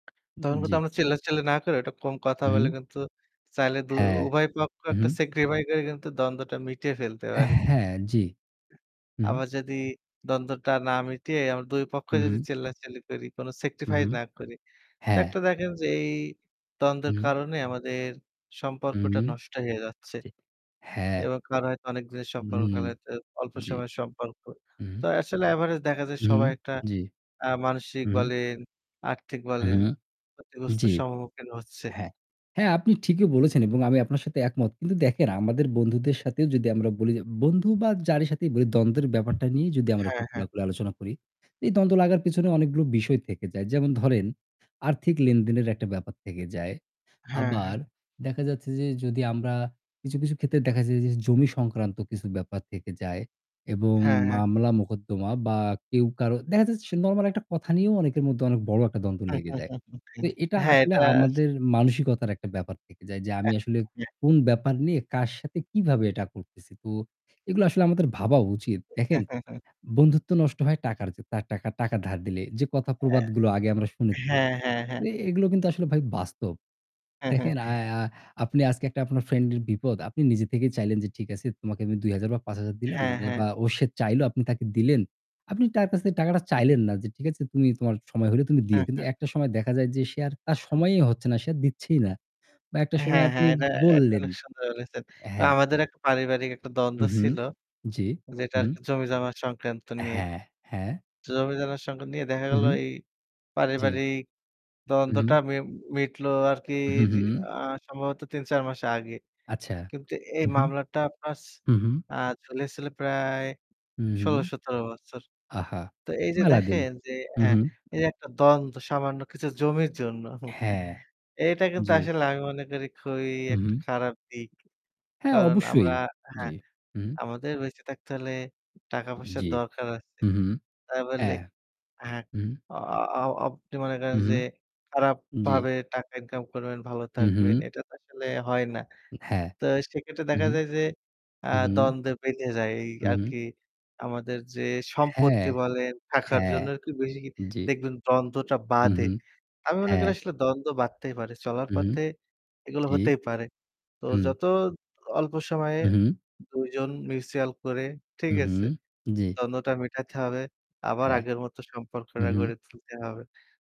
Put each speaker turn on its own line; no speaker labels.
উম
তখন কিন্তু
জি।
আমরা চিল্লাচিল্লি না করে একটু কম কথা বলে
উহু।
কিন্তু চাইলে দু
হ্যাঁ,
উভয় পক্ষ
উহু।
একটা sacrifice করে কিন্তু দ্বন্দ্বটা মিটিয়ে ফেলতে
অ্যা
পারি।
হ্যাঁ, জি। হু।
আবার যদি দ্বন্দ্বটা না মিটিয়ে আমরা
হু,
দুইপক্ষই যদি
হু।
চিল্লাচিল্লি করি, কোনো
হু,
sacrifice
হু।
না করি, তো
হ্যাঁ।
একটা দেখেন যে এই দ্বন্দ্বের
হুম, হুম।
কারণে আমাদের
উম
সম্পর্কটা নষ্ট হয়ে যাচ্ছে
জি, হ্যাঁ।
এবং কারো হয়তো অনেক দিনের সম্পর্ক, কারো
উহু,
হয়তো অল্প
জি।
সময়ের সম্পর্ক। তো
উহু।
আসলে average দেখা যায়
উহু,
সবাই একটা
জি।
অ্যা মানসিক
উহু।
বলেন, আর্থিক
হু,
বলেন,
হু।
ক্ষতিগ্রস্ত
জি।
সম্মুখীন হচ্ছে।
হ্যাঁ, হ্যাঁ, আপনি ঠিকই বলেছেন এবং আমি আপনার সাথে একমত। কিন্তু দেখেন, আমাদের বন্ধুদের সাথেও যদি আমরা বলি, যে বন্ধু বা যারই সাথেই বলি দ্বন্দ্বের ব্যাপারটা নিয়ে যদি আমরা একটু
হ্যাঁ, হ্যাঁ।
খোলাখুলি আলোচনা করি, এই দ্বন্দ্ব লাগার পিছনে অনেকগুলো বিষয় থেকে যায়। যেমন ধরেন আর্থিক লেনদেনের একটা ব্যাপার থেকে যায়।
হ্যাঁ,
আবার
হ্যাঁ।
দেখা যাচ্ছে যে যদি আমরা কিছু, কিছু ক্ষেত্রে দেখা যায়, যে জমি সংক্রান্ত কিছু ব্যাপার থেকে যায় এবং
হ্যাঁ, হ্যাঁ।
মামলা-মোকদ্দমা বা কেউ কারো দেখা যাচ্ছে সে নরমাল একটা কথা নিয়েও অনেকের মধ্যে অনেক বড় একটা দ্বন্দ্ব লেগে যায়। তো এটা
হ্যাঁ,
আসলে
এটা আস
আমাদের মানসিকতার একটা ব্যাপার থেকে যায় যে আমি আসলে
[unintelligible]
কোন ব্যাপার নিয়ে কার সাথে কিভাবে এটা করতেছি। তো এগুলো আসলে আমাদের ভাবা উচিত। দেখেন বন্ধুত্ব নষ্ট হয় টাকার যে তার টাকা টাকার ধার দিলে যে কথা
অ্যা
প্রবাদগুলো আগে আমরা শুনেছি,
হ্যাঁ, হ্যাঁ, হ্যাঁ।
এ এগুলো কিন্তু আসলে ভাই বাস্তব। দেখেন, আ আ আপনি আজকে একটা আপনার ফ্রেন্ডের বিপদ, আপনি নিজে থেকেই চাইলেন যে ঠিক আছে তোমাকে আমি ২০০০ বা ৫০০০ দিলাম
হ্যাঁ,
যে
হ্যাঁ।
বা ও সে চাইলো আপনি তাকে দিলেন। আপনি তার কাছে টাকাটা চাইলেন না যে, "ঠিক আছে। তুমি তোমার সময় হলে তুমি দিও।"
হ্যাঁ,
কিন্তু
হ্যাঁ।
একটা সময় দেখা যায় যে সে আর তার সময়ই
[unintelligible]
হচ্ছে না, সে আর দিচ্ছেই না। বা একটা সময়
হ্যাঁ,
আপনি
হ্যাঁ। এটা, এটা
বললেন
অনেক সুন্দর বলেছেন।
অ্যা হ্যাঁ।
আমাদের এক পারিবারিক একটা দ্বন্দ্ব
উহু।
ছিল
জি।
যেটা
হু।
আরকি জমি-জমা সংক্রান্ত নিয়ে।
হ্যাঁ, হ্যাঁ।
জমি-জমা সংক্রান্ত নিয়ে দেখা গেল
উহু।
এই
জি।
পারিবারিক দ্বন্দ্বটা
উহু।
মি মিটলো আরকি
উহু,
রি
হু।
আ সম্ভবত ৩ ৪ মাস আগে।
আচ্ছা।
কিন্তু এই
হু, হু।
মামলাটা আপনার ছি
হু, হু।
চলেছিল প্রায়
উহু।
১৬-১৭ বছর।
আহা!
তো এই যে
মেলা দিন।
দেখেন, যে
হু,
হ্যাঁ,
হু।
এই যে একটা দ্বন্দ্ব, সামান্য কিছু জমির জন্য।
হ্যাঁ,
এটা কিন্তু
জি।
আসলে আমি মনে করি খুবই একটা
উহু।
খারাপ দিক।
হ্যাঁ,
কারণ আমরা
অবশ্যই।
হ্যাঁ,
জি, উহু।
আমাদের বেঁচে থাকতে হলে টাকা-পয়সার
জি।
দরকার আছে।
হু, হু,
তাই বলে
হ্যাঁ,
হ্যাঁ,
উহু।
অ অ আপনি মনে করেন
হু, হু।
যে খারাপ
জি।
ভাবে টাকা income করবেন, ভালো
হু,
থাকবেন,
হু।
এটা তো আসলে হয় না।
হ্যাঁ।
তো সেক্ষেত্রে দেখা
উহু,
যায় যে আ
উহু।
দ্বন্দ্ব বেড়ে যায়। এই
উহু।
আরকি আমাদের যে
হ্যাঁ,
সম্পত্তি বলেন, টাকার
হ্যাঁ,
জন্য আরকি বেশি
জি।
দেখবেন দ্বন্দ্বটা বাঁধে।
উহু,
আমি মনে করি
হ্যাঁ।
আসলে দ্বন্দ্ব বাঁধতেই পারে, চলার
উহু,
পথে এগুলো
জি,
হতেই পারে। তো
হু।
যত অল্প সময়ে
উহু।
২ জন mutual করে, ঠিক
উহু
আছে?
জি।
দ্বন্দ্বটা মিটাইতে হবে, আবার
হ্যাঁ।
আগের মত সম্পর্কটা
উহু।
গড়ে তুলতে হবে।